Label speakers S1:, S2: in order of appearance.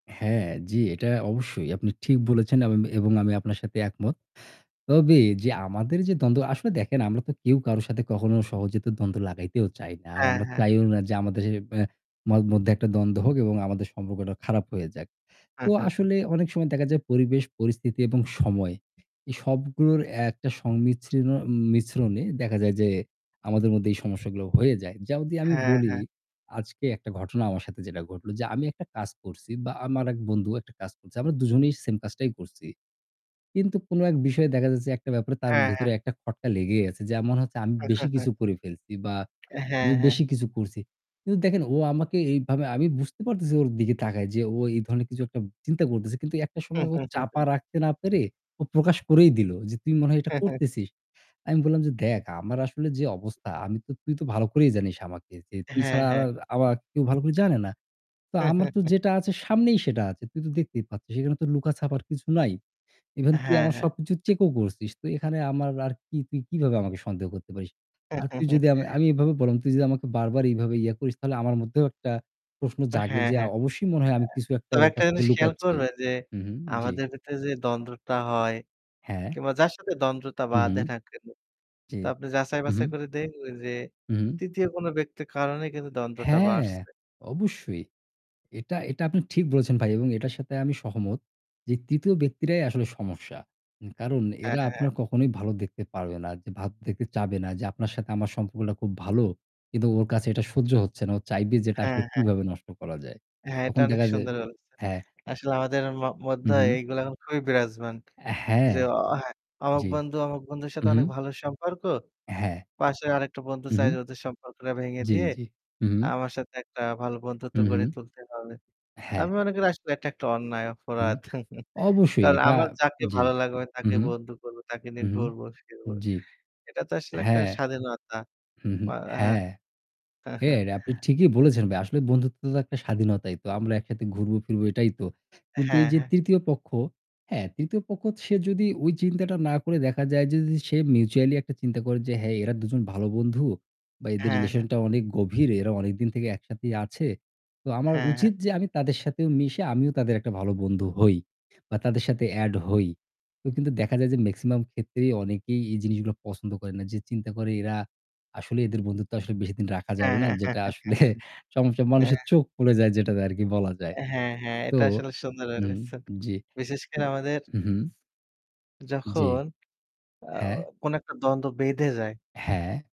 S1: হ্যাঁ, জি, এইটা অবশ্যই। আপনি ঠিক বলেছেন এমন এবং আমি আপনার সাথে একমত। তবে আমাদের যে দ্বন্দ্ব আসলে দেখেন আমরা তো কেউ কারো সাথে কখনো সহজ তো দ্বন্দ্ব লাগাইতেও চাই না। আর
S2: হ্যাঁ,
S1: আমরা
S2: হ্যাঁ।
S1: চাইও না যে আমাদের এ ব্যা ম মধ্যে একটা দ্বন্দ্ব হোক এবং আমাদের সম্পর্কটা খারাপ হয়ে যাক। তো আসলে অনেক সময় দেখা যায় পরিবেশ পরিস্থিতি এবং সময় এই সবগুলোর একটা সংমিশ্রণ মিশ্রণে দেখা যায় যে আমাদের মধ্যে এই সমস্যাগুলো হয়ে যায়। যেমন যদি আমি
S2: হ্যাঁ,
S1: বলি,
S2: হ্যাঁ।
S1: আজকে একটা ঘটনা আমার সাথে যেটা ঘটল। যে আমি একটা কাজ করছি বা আমার ১ বন্ধু একটা কাজ করছে। আমরা দুজনেই সেম কাজটাই করছি। কিন্তু কোনো ১ বিষয়ে দেখা যাচ্ছে একটা ব্যাপারে তার
S2: হ্যাঁ,
S1: ভেতরে
S2: হ্যাঁ।
S1: একটা খটকা লেগেই আছে। যেমন হচ্ছে আমি বেশি কিছু করে ফেলছি বা
S2: হ্যাঁ,
S1: আমি
S2: হ্যাঁ।
S1: বেশি কিছু করছি। কিন্তু দেখেন ও আমাকে এইভাবে আমি বুঝতে পারতেছি ওর দিকে তাকায় যে ও এই ধরনের কিছু একটা চিন্তা করতেছে। কিন্তু একটা সময় ও চাপা রাখতে না পেরে ও প্রকাশ করেই দিল যে, "তুই মনে হয় এটা করতেছিস।" আমি বললাম যে, "দেখ আমার আসলে যে অবস্থা, আমি তো তুই তো ভালো করেই জানিস আমাকে। যে তুই
S2: হ্যাঁ,
S1: ছাড়া আর
S2: হ্যাঁ।
S1: আর আমাকে কেউ ভালো করে জানে না। তো আমার তো যেটা আছে সামনেই সেটা আছে। তুই তো দেখতেই পাচ্ছিস। এখানে তো লুকাছাপার কিছু নাই। ইভেন তুই
S2: হ্যাঁ,
S1: আমার
S2: হ্যাঁ।
S1: সবকিছু চেকও করছিস। তো এখানে আমার আর কি? তুই কিভাবে আমাকে সন্দেহ করতে পারিস? আর তুই যদি" আমি আমি এভাবে বললাম, "তুই যদি আমাকে বারবার এইভাবে ইয়া করিস, তাহলে আমার মধ্যেও একটা প্রশ্ন জাগে
S2: হ্যাঁ,
S1: যে
S2: হ্যাঁ।
S1: অবশ্যই মনে হয় আমি কিছু
S2: [unintelligible]
S1: একটা
S2: তবে
S1: ওর
S2: একটা
S1: কাছ থেকে
S2: জিনিস খেয়াল
S1: লুকাচ্ছি।"
S2: করবেন যে
S1: হুম, হুম। জি।
S2: আমাদের ভেতরে যে দ্বন্দ্বটা হয়,
S1: হ্যাঁ।
S2: কিংবা যার সাথে দ্বন্দটা
S1: হু, হু।
S2: বাধে না কেনো,
S1: জি।
S2: তো আপনি
S1: হু, হু।
S2: যাচাই-বাছাই করে দেখবেন যে
S1: হু, হু।
S2: ৩য় কোন ব্যক্তির কারণেই কিন্তু দ্বন্দটা
S1: হ্যাঁ,
S2: বাড়ছে।
S1: অবশ্যই। এটা এটা আপনি ঠিক বলেছেন ভাই এবং এটার সাথে আমি সহমত। যে ৩য় ব্যক্তিরাই আসলে সমস্যা। উ কারণ
S2: হ্যাঁ,
S1: এরা
S2: হ্যাঁ,
S1: আপনার
S2: হ্যাঁ।
S1: কখনোই ভালো দেখতে পারবে না, যে ভাব দেখতে চাইবে না। যে আপনার সাথে আমার সম্পর্কটা খুব ভালো। কিন্তু ওর কাছে এটা সহ্য হচ্ছে না। ও চাইবে যে এটা
S2: হ্যাঁ,
S1: আসলে
S2: হ্যাঁ।
S1: কীভাবে নষ্ট করা যায়।
S2: হ্যাঁ, এটা
S1: তখন
S2: অনেক
S1: দেখা যায়
S2: সুন্দর বলেছেন।
S1: হ্যাঁ।
S2: আসলে আমাদের ম মধ্য
S1: হু, হু।
S2: এইগুলো এখন খুবই বিরাজমান।
S1: অ্যা হ্যাঁ।
S2: যে অ হ্যাঁ অমুক
S1: জি।
S2: বন্ধু অমুক বন্ধুর
S1: হু,
S2: সাথে
S1: হু।
S2: অনেক ভালো সম্পর্ক,
S1: হ্যাঁ।
S2: পাশের আরেকটা বন্ধু
S1: হু,
S2: চায়
S1: হু।
S2: যে ওদের সম্পর্কটা ভেঙে
S1: জি,
S2: দিয়ে
S1: জি। হু, হু।
S2: আমার সাথে একটা ভালো বন্ধুত্ব
S1: হু,
S2: গড়ে
S1: হু।
S2: তুলতে হবে। তা
S1: হ্যাঁ।
S2: আমি মনে করি আসলে এটা একটা অন্যায়,
S1: হুম
S2: অপরাধ।
S1: অবশ্যই
S2: কার
S1: এটা
S2: আমার যাকে
S1: জি।
S2: ভালো লাগবে
S1: হুম,
S2: তাকে
S1: হুম।
S2: বন্ধু করবো, তাকে নিয়ে
S1: হু, হু,
S2: ঘুরবো ফিরব।
S1: জ্বি।
S2: এটা তো আসলে একটা
S1: হ্যাঁ।
S2: স্বাধীনতা
S1: হু, হু,
S2: বা হ্যাঁ।
S1: হ্যাঁ। হ্যাঁ, এটা আপনি ঠিকই বলেছেন ভাই। আসলে বন্ধুত্ব তো একটা স্বাধীনতাই। তো আমরা একসাথে ঘুরবো ফিরবো এটাই তো। কিন্তু
S2: হ্যাঁ,
S1: এই যে
S2: হ্যাঁ।
S1: ৩য় পক্ষ হ্যাঁ ৩য় পক্ষ সে যদি চিন্তাটা না করে দেখা যায় যে যদি সে mutually একটা চিন্তা করে যে, "হ্যাঁ, এরা দুজন ভালো বন্ধু বা এদের
S2: হ্যাঁ, হ্যাঁ।
S1: রিলেশন টা অনেক গভীর। এরা অনেকদিন থেকে একসাথেই আছে। তো আমার
S2: হ্যাঁ, হ্যাঁ।
S1: উচিত যে আমি তাদের সাথেও মিশে আমিও তাদের একটা ভালো বন্ধু হই। বা তাদের সাথে অ্যাড হই।" তো কিন্তু দেখা যায় যে মেক্সিমাম ক্ষেত্রেই অনেকেই এই জিনিসগুলো পছন্দ করে না। যে চিন্তা করে, "এরা আসলে এদের বন্ধুত্ব আসলে বেশিদিন রাখা যাবে
S2: হ্যাঁ,
S1: না।"
S2: হ্যাঁ।
S1: যেটা আসলে সমস্যা
S2: হ্যাঁ।
S1: মানুষের চোখ পুড়ে যায় যেটাতে আরকি বলা যায়।
S2: অ্যা হ্যাঁ, হ্যাঁ,
S1: তো
S2: এটা আসলে সুন্দর
S1: হুম,
S2: বলেছেন।
S1: জি।
S2: বিশেষ
S1: উ
S2: করে আমাদের
S1: হুম, হুম। জি,
S2: যখন আ
S1: হ্যাঁ।
S2: কোনো একটা দ্বন্দ্ব বেঁধে যায়।
S1: হ্যাঁ।